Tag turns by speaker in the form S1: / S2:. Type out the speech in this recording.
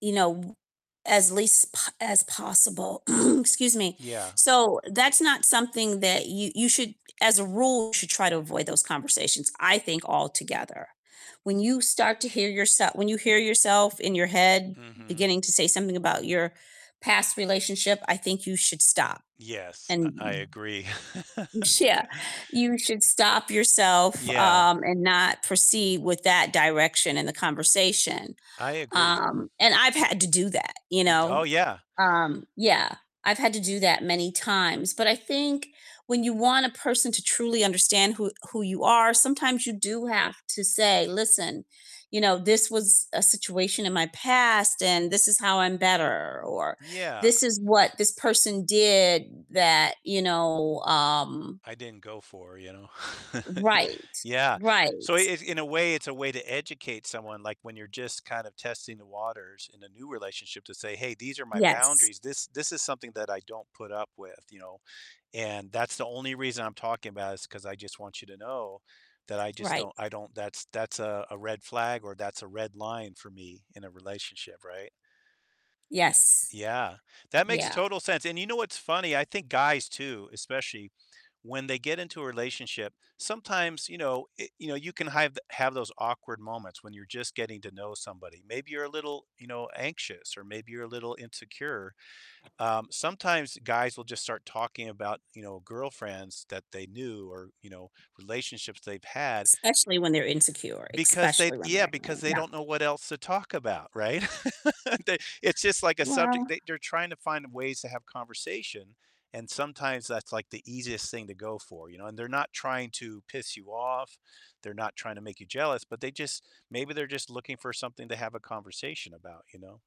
S1: You know, w as least p as possible. Excuse me.
S2: Yeah.
S1: So that's not something that you you should as a rule should try to avoid those conversations, I think altogether. When you start to hear yoursel when you hear yourself in your head
S2: Mhm.
S1: beginning to say something about your past relationship, I think you should stop
S2: Yes, uh,
S1: and
S2: I
S1: w
S2: agree.
S1: m sh yeah, you should stop yourself,
S2: Yeah.
S1: um, and not proceed with that direction in the conversation.
S2: I agree.
S1: Um, and I've had to do that, you know?
S2: Oh, yeah.
S1: Um, yeah. I've had to do that many times, but I think when you want a person to truly understand who who you are, sometimes you do have to say, "Listen, you know, this was a situation in my past and this is how I'm better," or, "This
S2: Yeah.
S1: is what this person did that, you know, um"
S2: I didn't go for, you know?
S1: Right.
S2: Yeah.
S1: Right.
S2: So it in a way, it's a way to educate someone, like, when you're, just, kind of, testing the waters in a new relationship to say, "Hey, these are my
S1: Yes.
S2: boundaries. This this is something that I don't put up with, you know, and that's the only reason I'm talking about it is 'cause I, just, want you to know that I, just,
S1: Right.
S2: don't I don't that's that's a a red flag or that's a red line for me in a relationship, right?"
S1: Yes.
S2: Yeah. That makes
S1: Yeah.
S2: total sense, and, you know, what's funny? I think guys too, especially when they get into a relationship, sometimes, you know, i you know, you can hive have those awkward moments when you're just getting to know somebody. Maybe you're a little, you know, anxious or maybe you're a little insecure. Um, sometimes guys will just start talking about, you know, girlfriends that they knew or, you know, relationships they've had
S1: Especially when they're insecure,
S2: because they
S1: especially when
S2: yeah,
S1: they're,
S2: because
S1: [unintelligible]
S2: they
S1: yeah.
S2: don't know what else to talk about, right? They it's, just, like, a subject,
S1: Well
S2: they they're trying to find ways to have conversation and sometimes that's, like, the easiest thing to go for, you know, and they're not trying to piss you off, they're not trying to make you jealous, but they just maybe they're just looking for something to have a conversation about, you know?